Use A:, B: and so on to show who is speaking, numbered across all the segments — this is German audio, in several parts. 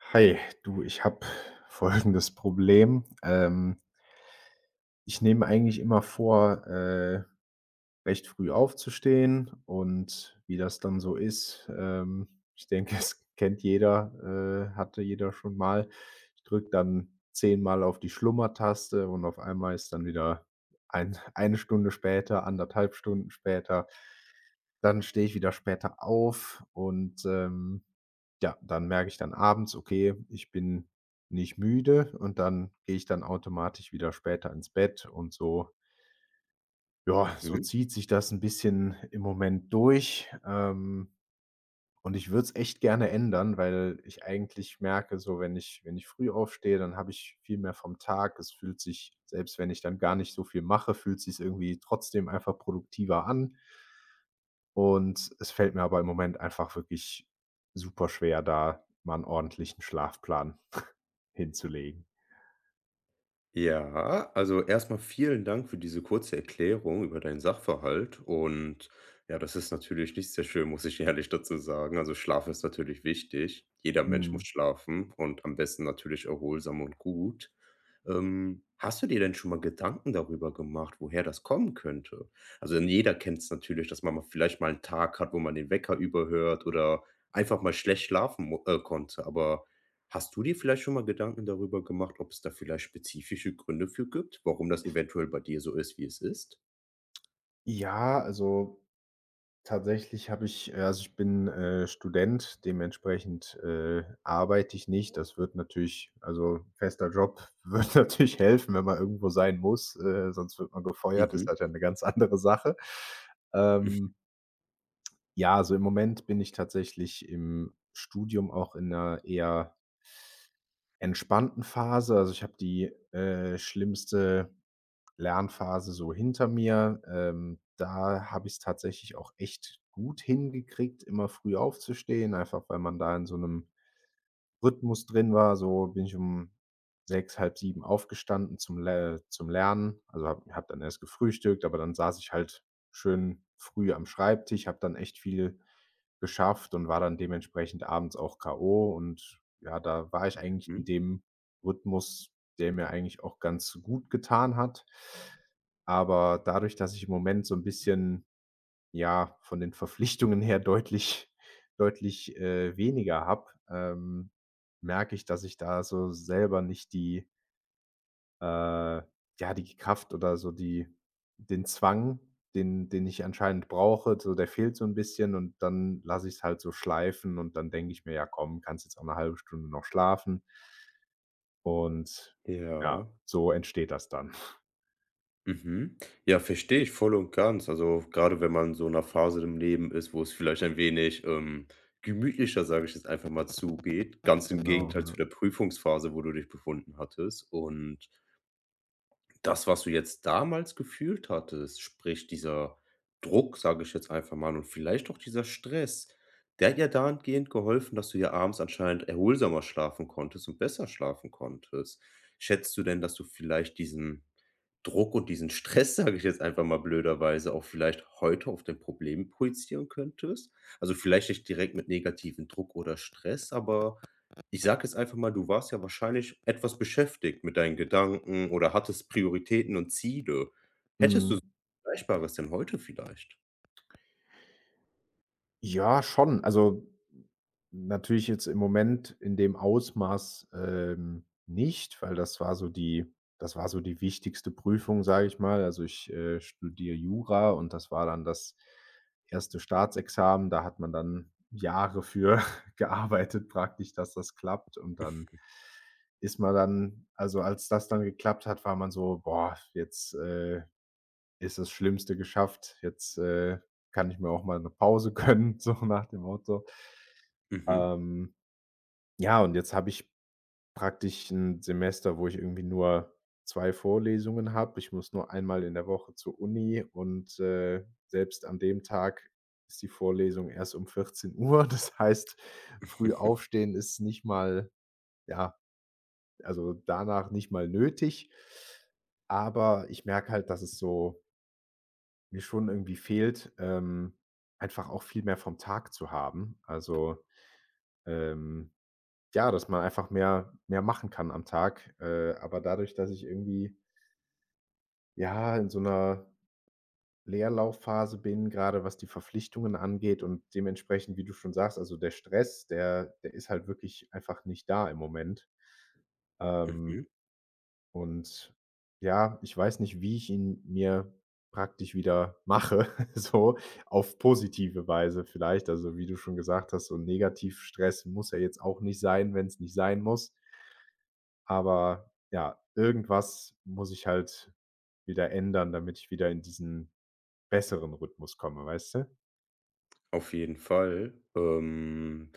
A: Hi, du, ich habe folgendes Problem. Ähm. Ich nehme mir eigentlich immer vor, äh, recht früh aufzustehen. Und wie das dann so ist ähm, ich denke, es kennt jeder, äh, hatte jeder schon mal. Ich drücke dann 10 Mal auf die Schlummertaste und auf einmal ist dann wieder ein 1 Stunde später, 1 1/2 Stunden später. Dann stehe ich wieder später auf und, ähm, ja, dann merke ich dann abends: „Okay, ich bin nicht müde,“ und dann gehe ich dann automatisch wieder später ins Bett und so. Ja, so
B: Mhm.
A: zieht sich das 'n bisschen im Moment durch. Ähm, und ich würde es echt gerne ändern, weil ich eigentlich merke, so, wenn ich wenn ich früh aufstehe, dann habe ich viel mehr vom Tag. Es fühlt sich, selbst wenn ich dann gar nicht so viel mache, fühlt’s sich irgendwie trotzdem einfach produktiver an. Und es fällt mir aber im Moment einfach wirklich super schwer, da mal 'n ordentlichen Schlafplan hinzulegen.
B: Ja, also, erst mal vielen Dank für diese kurze Erklärung über deinen Sachverhalt und ja, das ist natürlich nicht sehr schön, muss ich ehrlich dazu sagen. Also, Schlaf ist natürlich wichtig. Jeder Mensch muss
A: Mhm.
B: schlafen und am besten natürlich erholsam und gut. Ähm, hast du dir denn schon mal Gedanken darüber gemacht, woher das kommen könnte? Also, denn jeder kennt's natürlich, dass man mal vielleicht mal Tag hat, wo man den Wecker überhört oder einfach mal schlecht schlafen mu äh, konnte. Aber hast du dir vielleicht schon mal Gedanken darüber gemacht, ob's da vielleicht spezifische Gründe für gibt, warum das eventuell bei dir so ist, wie es ist?
A: Ja, also, tatsächlich habe ich äh, also, ich bin, äh, Student, dementsprechend, äh, arbeite ich nicht. Das würde natürlich also, fester Job würde natürlich helfen, wenn man irgendwo sein muss, äh, sonst wird man gefeuert ist
B: Mhm.
A: das ja 'ne ganz andere Sache.
B: Hm.
A: Ähm Ja, also, im Moment bin ich tatsächlich im Studium auch in 'ner eher entspannten Phase, also, ich habe die, äh, schlimmste Lernphase so hinter mir. Ähm, da habe ich's tatsächlich auch echt gut hingekriegt, immer früh aufzustehen, einfach weil man da in so 'nem Rhythmus drin war. So bin ich um 6:00, 6:30 aufgestanden zum L äh, zum Lernen. Also, habe habe dann erst gefrühstückt, aber dann saß ich halt schön früh am Schreibtisch, habe dann echt viel geschafft und war dann dementsprechend abends auch k.o. und ja, da war ich eigentlich in
B: Mhm.
A: dem Rhythmus, der mir eigentlich auch ganz gutgetan hat. Aber dadurch, dass ich im Moment so 'n bisschen ja, von den Verpflichtungen her deutlich deutlich, äh, weniger habe, ähm, merke ich, dass ich da so selber nicht die Äh, ja, die Kraft oder so die den Zwang, den den ich anscheinend brauche, so, der fehlt so 'n bisschen, und dann lasse ich's halt so schleifen und dann denke ich mir: „Ja komm, kannst jetzt auch 'ne 1/2 Stunde noch schlafen.“ Und ja,
B: Ja.
A: so entsteht das dann.
B: Mhm. Ja, verstehe ich voll und ganz. Also, grade wenn man so in 'ner Phase im Leben ist, wo es vielleicht ein wenig, ähm, gemütlicher, sage ich jetzt einfach mal, zugeht, ganz im
A: Genau,
B: Gegenteil zu
A: ja.
B: der Prüfungsphase, wo du dich befunden hattest. Und das, was du jetzt damals gefühlt hattest, sprich dieser Druck, sage ich jetzt einfach mal, und vielleicht auch dieser Stress, der hat ja dahingehend geholfen, dass du ja abends anscheinend erholsamer schlafen konntest und besser schlafen konntest. Schätzt du denn, dass du vielleicht diesen Druck und diesen Stress, sage ich jetzt einfach mal blöderweise, auch vielleicht heute auf dein Problem projizieren könntest? Also, vielleicht nicht direkt mit negativem Druck oder Stress, aber ich sage jetzt einfach mal, du warst ja wahrscheinlich etwas beschäftigt mit deinen Gedanken oder hattest Prioritäten und Ziele. Hättest du s
A: Mhm.
B: Vergleichbares denn heute vielleicht?
A: Ja, schon. Also, natürlich jetzt im Moment in dem Ausmaß, ähm, nicht, weil das war so die das war so die wichtigste Prüfung, sage ich mal. Also, ich, äh, studiere Jura und das war dann das 1. Staatsexamen. Da hat man dann Jahre für gearbeitet praktisch, dass das klappt. Und dann
B: Mhm.
A: ist man dann also, als das dann geklappt hat, war man so: „Boah, jetzt, äh, ist das Schlimmste geschafft. Jetzt, äh, kann ich mir auch mal 'ne Pause gönnen,“ so nach dem Motto.
B: Mhm.
A: Ähm, ja, und jetzt habe ich praktisch 'n Semester, wo ich irgendwie nur 2 Vorlesungen habe. Ich muss nur einmal in der Woche zur Uni, und, äh, selbst an dem Tag ist die Vorlesung erst um 14:00. Das heißt, früh aufstehen ist nicht mal ja, also, danach nicht mal nötig. Aber ich merke halt, dass es so mir schon irgendwie fehlt, ähm, einfach auch viel mehr vom Tag zu haben. Also, ähm, ja, dass man einfach mehr mehr machen kann am Tag, äh, aber dadurch, dass ich irgendwie Ja, in so 'ner Leerlaufphase bin, grade was die Verpflichtungen angeht und dementsprechend, wie du schon sagst, also, der Stress, der der ist halt wirklich einfach nicht da im Moment. Ähm,
B: Mhm.
A: und ja, ich weiß nicht, wie ich ihn mir praktisch wieder mache, so auf positive Weise vielleicht. Also, wie du schon gesagt hast, so 'n Negativ-Stress muss ja jetzt auch nicht sein, wenn's nicht sein muss. Aber ja, irgendwas muss ich halt wieder ändern, damit ich wieder in diesen besseren Rhythmus komme, weißt du?
B: Auf jeden Fall. Ähm,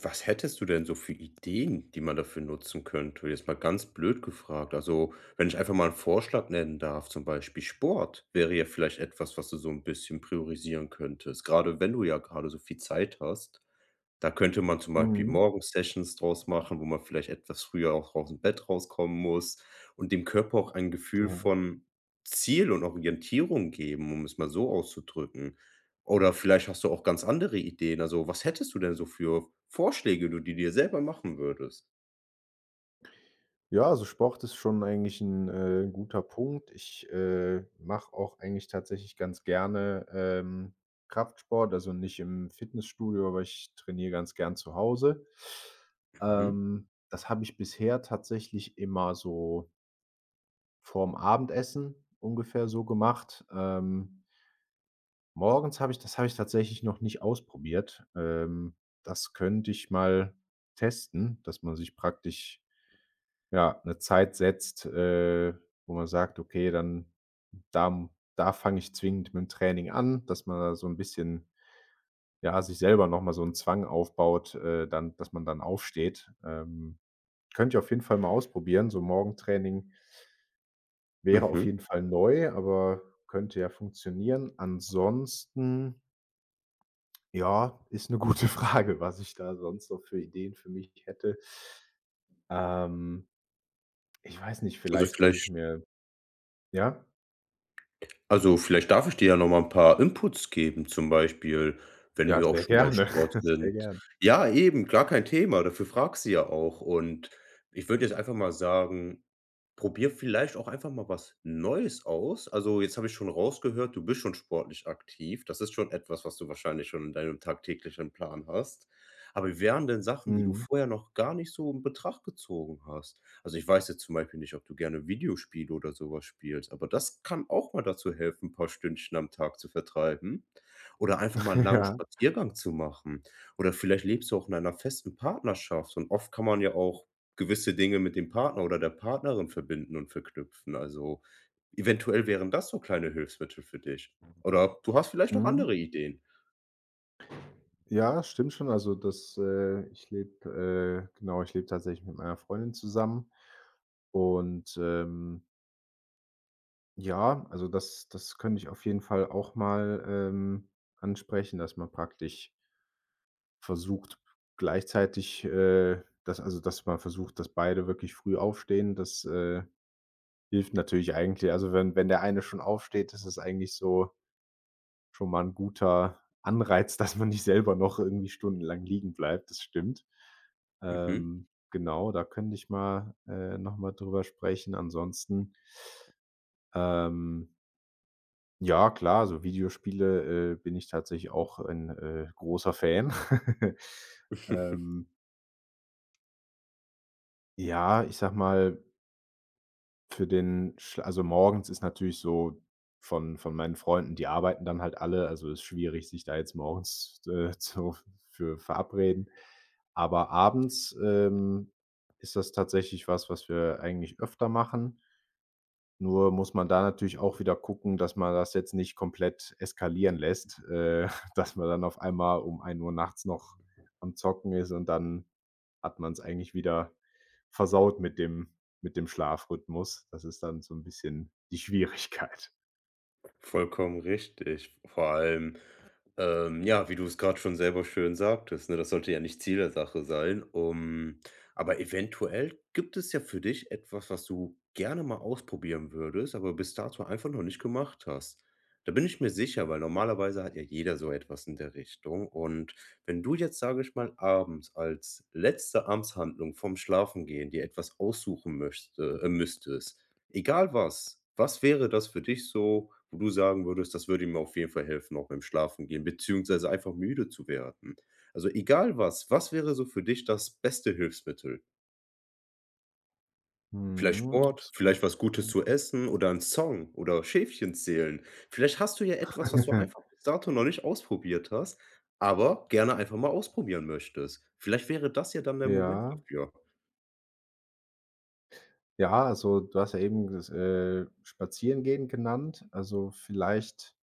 B: was hättest du denn so für Ideen, die man dafür nutzen könnte? Jetzt mal ganz blöd gefragt, also, wenn ich einfach mal 'n Vorschlag nennen darf, zum Beispiel Sport wäre jetzt vielleicht etwas, was du so 'n bisschen priorisieren könntest, grade wenn du ja grade so viel Zeit hast. Da könnte man zum Beispiel
A: Mhm.
B: morgens Sessions draus machen, wo man vielleicht etwas früher auch ausm Bett rauskommen muss und dem Körper auch ein Gefühl
A: Ja.
B: von Ziel und Orientierung geben, um es mal so auszudrücken. Oder vielleicht hast du auch ganz andere Ideen. Also, was hättest du denn so für Vorschläge, die du dir selber machen würdest?
A: Ja, also, Sport ist schon eigentlich 'n, äh, guter Punkt. Ich, äh, mache auch eigentlich tatsächlich ganz gerne, ähm, Kraftsport, also nicht im Fitnessstudio, aber ich trainiere ganz gern zu Hause.
B: Mhm.
A: Ähm, das habe ich bisher tatsächlich immer so vorm Abendessen ungefähr so gemacht, ähm. Morgens habe ich das habe ich tatsächlich noch nicht ausprobiert. Ähm, das könnte ich mal testen, dass man sich praktisch, ja, 'ne Zeit setzt, äh, wo man sagt: „Okay, dann da m da fange ich zwingend mit'm Training an,“ dass man da so 'n bisschen, ja, sich selber noch mal so 'n Zwang aufbaut äh, dann dass man dann aufsteht. Ähm, könnte ich auf jeden Fall mal ausprobieren. So 'n Morgentraining wäre auf
B: Mhm.
A: jeden Fall neu, aber könnte ja funktionieren. Ansonsten Ja, ist 'ne gute Frage, was ich da sonst so für Ideen für mich hätte. Ähm, ich weiß nicht,
B: Also,
A: vielleicht, dass ich
B: vielleicht
A: mir ja?
B: Also, vielleicht darf ich dir ja noch mal 'n paar Inputs geben, zum Beispiel, wenn
A: Ja,
B: wir auch
A: sehr
B: schon bei
A: gerne.
B: Sport
A: Sehr
B: sind.
A: gern.
B: Ja, eben, klar, kein Thema, dafür fragst du ja auch. Und ich würde jetzt einfach mal sagen, probier vielleicht auch einfach mal was Neues aus. Also, jetzt habe ich schon rausgehört, du bist schon sportlich aktiv. Das ist schon etwas, was du wahrscheinlich schon in deinem tagtäglichen Plan hast. Aber wie wären denn Sachen, die du
A: Mhm.
B: vorher noch gar nicht so in Betracht gezogen hast? Also, ich weiß jetzt zum Beispiel nicht, ob du gerne Videospiele oder so was spielst, aber das kann auch mal dazu helfen, 'n paar Stündchen am Tag zu vertreiben oder einfach mal 'n langen
A: Ja.
B: Spaziergang zu machen. Oder vielleicht lebst du auch in einer festen Partnerschaft. Und oft kann man ja auch gewisse Dinge mit dem Partner oder der Partnerin verbinden und verknüpfen. Also, eventuell wären das so kleine Hilfsmittel für dich. Oder du hast vielleicht auch
A: Mhm.
B: andere Ideen?
A: Ja, stimmt schon. Also, das äh, ich lebe äh, genau, ich lebe tatsächlich mit meiner Freundin zusammen. Und, ähm ja, also, das das könnte ich auf jeden Fall auch mal, ähm, ansprechen, dass man praktisch Versucht gleichzeitig, äh, dass also, dass man versucht, dass beide wirklich früh aufstehen. Das, äh, hilft natürlich eigentlich. Also, wenn wenn der eine schon aufsteht, ist es eigentlich so schon mal 'n guter Anreiz, dass man nicht selber noch irgendwie stundenlang liegenbleibt. Das stimmt.
B: Mhm.
A: Ähm, genau, da könnte ich mal äh, noch mal drüber sprechen. Ansonsten Ähm. Ja klar, also, Videospiele, äh, bin ich tatsächlich auch ein, äh, großer Fan. Ähm. Ja, ich sage mal für den, schl also, morgens ist natürlich so von von meinen Freunden die arbeiten dann halt alle also, ist schwierig, sich da jetzt morgens, äh, zu f für verabreden. Aber abends, ähm, ist das tatsächlich was, was wir eigentlich öfter machen. Nur muss man da natürlich auch wieder gucken, dass man das jetzt nicht komplett eskalieren lässt, äh, dass man dann auf einmal um 1:00 nachts noch am Zocken ist, und dann hat man's eigentlich wieder versaut mit dem mit dem Schlafrhythmus. Das ist dann so 'n bisschen die Schwierigkeit.
B: Vollkommen richtig. V vor allem, ähm, ja, wie du es gerade schon selber schön sagtest, ne? Das sollte ja nicht Ziel der Sache sein, um aber eventuell gibt es ja für dich etwas, was du gerne mal ausprobieren würdest, aber bis dato einfach noch nicht gemacht hast. Da bin ich mir sicher, weil normalerweise hat ja jeder so etwas in der Richtung. Und wenn du jetzt, sage ich mal, abends als letzte Amtshandlung vorm Schlafengehen dir etwas aussuchen möchte äh, müsstest, egal was, was wäre das für dich so, wo du sagen würdest: „Das würde mir auf jeden Fall helfen, auch beim Schlafengehen beziehungsweise einfach müde zu werden“? Also, egal was, was wäre so für dich das beste Hilfsmittel? Vielleicht
A: Mhm,
B: Sport,
A: ist 'ne
B: vielleicht
A: gute
B: was Gutes
A: Frage.
B: zu essen oder 'n Song oder Schäfchen zählen. Vielleicht hast du ja etwas, was du einfach bis dato noch nicht ausprobiert hast, aber gerne einfach mal ausprobieren möchtest. Vielleicht wäre das ja dann der Moment
A: Ja.
B: dafür.
A: Ja, also, du hast ja eben ges äh, spazieren gehen genannt. Also, vielleicht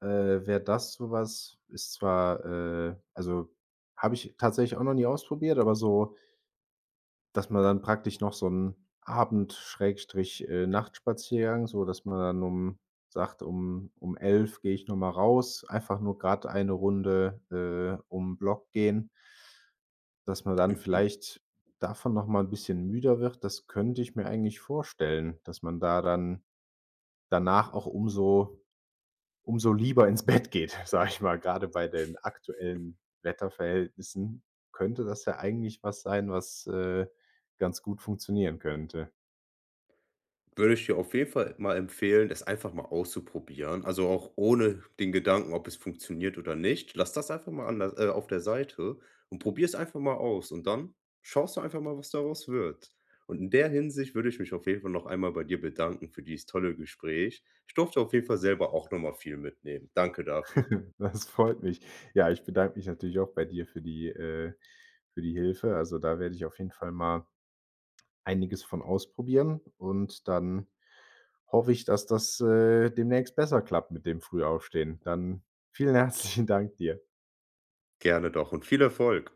A: äh, wäre das so was. Ist zwar äh, also, habe ich tatsächlich auch noch nie ausprobiert, aber so dass man dann praktisch noch so 'n Abend Schrägstrich, äh, Nachtspaziergang sodass man dann um sagt: „Um um 11:00 gehe ich noch mal raus, einfach nur grad eine Runde, äh, um 'n Block gehen.“ Dass man dann
B: Mhm.
A: vielleicht davon noch mal 'n bisschen müder wird, das könnte ich mir eigentlich vorstellen, dass man da dann, danach auch umso umso lieber ins Bett geht, sage ich mal, gerade bei den aktuellen Wetterverhältnissen, könnte das ja eigentlich was sein, was, äh, ganz gut funktionieren könnte.
B: Würde ich dir auf jeden Fall mal empfehlen, das einfach mal auszuprobieren, also, auch ohne den Gedanken, ob es funktioniert oder nicht. Lass das einfach mal an der äh, der auf der Seite und probier es einfach mal aus. Und dann schaust du einfach mal, was daraus wird. Und in der Hinsicht würde ich mich auf jeden Fall noch einmal bei dir bedanken für dieses tolle Gespräch. Ich durfte auf jeden Fall selber auch noch mal viel mitnehmen. Danke dafür.
A: Das freut mich. Ja, ich bedanke mich natürlich auch bei dir für die äh, für die Hilfe. Also, da werde ich auf jeden Fall mal einiges von ausprobieren und dann hoffe ich, dass das, äh, demnächst besser klappt mit dem Frühaufstehen. Dann vielen herzlichen Danke dir.
B: Gerne doch und viel Erfolg.